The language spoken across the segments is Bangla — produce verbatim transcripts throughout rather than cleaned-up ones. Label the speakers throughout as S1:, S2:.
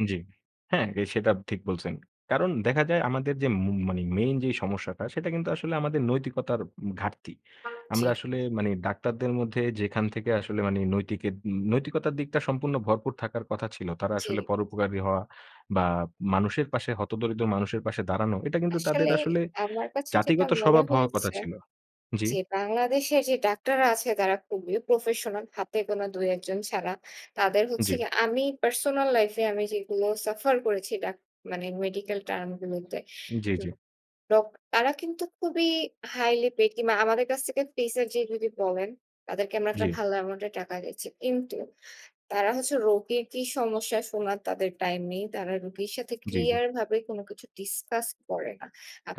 S1: উ জি। হ্যাঁ, এ সেটাপ ঠিক বলছেন। কারণ দেখা যায় আমাদের যে মু মানি মেইন যেই সমস্যাটা সেটা কিন্তু আসলে আমাদের নৈতিকতার উম ঘাটতি।
S2: জি।
S1: আমরা আসলে মানে ডাক্তারদের মধ্যে যেখান থেকে আসলে মানি নৈতিকের উম নৈতিকতার দিকটা সম্পূর্ণ ভরপুর থাকার কথা ছিল। তারা আসলে
S2: জি।
S1: পরোপকারী হওয়া বা মানুষের পাশে, হতদরিদ্র মানুষের পাশে দাঁড়ানো। এটা কিন্তু তাদের
S2: আসলে
S1: আসলে
S2: আমার কাছে যেটা
S1: জাতিগত
S2: মনে
S1: স্বভাব হওয়া কথা
S2: হয়েছে,
S1: ছিল। জি।
S2: যে বাংলাদেশে যে ডাক্তাররা আছে তারা খুবই professional হাতে গোনা দুই এক জন ছাড়া। তাদের হচ্ছে
S1: জি।
S2: গিয়ে আমি personal life এ আমি যেগুলো suffer করেছি ডাক মানে medical term গুলোতে।
S1: জি, জি।
S2: ডক তারা কিন্তু খুবই হাইলি পেইড কিংবা আমাদের কাছ থেকে fees এর যে যদি বলেন, তাদেরকে আমরা একটা
S1: জি।
S2: ভালো এমাউন্ট এর টাকা দিচ্ছি। কিন্তু তারা হচ্ছে রোগীর কি সমস্যা শোনার তাদের টাইম নেই। তারা রোগীর সাথে
S1: জি, জি।
S2: ক্লিয়ার ভাবে কোন কিছু ডিসকাস করে না।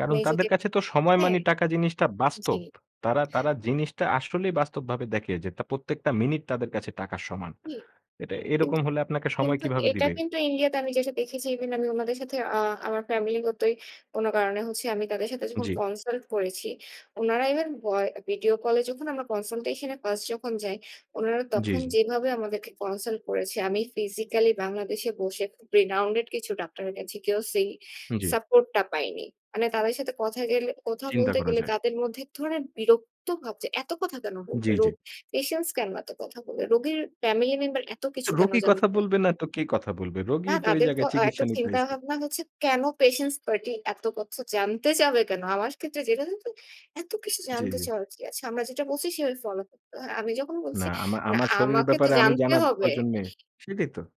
S1: কারণ
S2: যদি
S1: তাদের কাছে তো সময়
S2: হ্যাঁ,
S1: মানে টাকা জিনিসটা
S2: জি।
S1: বাস্তব। তারা, তারা, জিনিসটা আসলেই বাস্তবভাবে দেখে যে ত প্রত্যেকটা মিনিট তাদের কাছে টাকার সমান।
S2: জি
S1: এটা এরকম হলে আপনাকে সময়
S2: কিন্তু
S1: কিভাবে
S2: এটা
S1: দিবে?
S2: কিন্তু India তে আমি যেটা দেখেছি ইভেন আমি উনাদের সাথে আ আমার ফ্যামিলিগতই কোন কারণে হচ্ছে আমি তাদের সাথে যখন
S1: জি।
S2: কনসাল্ট করেছি। উনারা ইভেন ভয় ভিডীও কল এ যখন আমরা কনসাল্টেশন এ ফার্স্ট যখন যাই, উনারা
S1: জি,
S2: তখন
S1: জি।
S2: যেভাবে আমাদেরকে কনসাল্ট করেছে আমি physically বাংলাদেশে বসে খুব renowned কিছু ডাক্তারের কাছে গিয়েও সি
S1: জি।
S2: support টা পাইনি। মানে তাদের সাথে কথায় গেলে কথা
S1: চিন্তা
S2: বলতে
S1: করা
S2: গেলে
S1: যায়।
S2: তাদের মধ্যে এক ধরনের বিরক্ত ভাব যে এত কথা কেন
S1: জি,
S2: বলবে?
S1: জি।
S2: রোগ patient কেন এত কথা বলবে? রোগীর ফ্যামিলি মেম্বার এত কিছু কেন
S1: রোগী কথা
S2: জানতে চায়?
S1: বলবে না তো কে কথা বলবে?
S2: না
S1: রোগীই তো এই
S2: তাদেরতো
S1: জায়গায়
S2: এতো
S1: চিকিৎসা নিতে
S2: চিন্তা
S1: আইছে।
S2: ভাবনা হচ্ছে কেন patient party এত কথা জানতে চাবে কেন? আমার ক্ষেত্রে যেটা তো তো এত কিছু
S1: জি,
S2: জানতে
S1: জি।
S2: চাওয়ার কি আছে? আমরা যেটা বলছি সেভাবে ফলো করতে হয়। আমি যখন বলছি
S1: না আমা
S2: না
S1: আমার শরীরের
S2: আমাকে তো
S1: ব্যাপারে আমি
S2: জানতে
S1: জানা
S2: হবে।
S1: প্রয়োজন নে সেইটাই তো।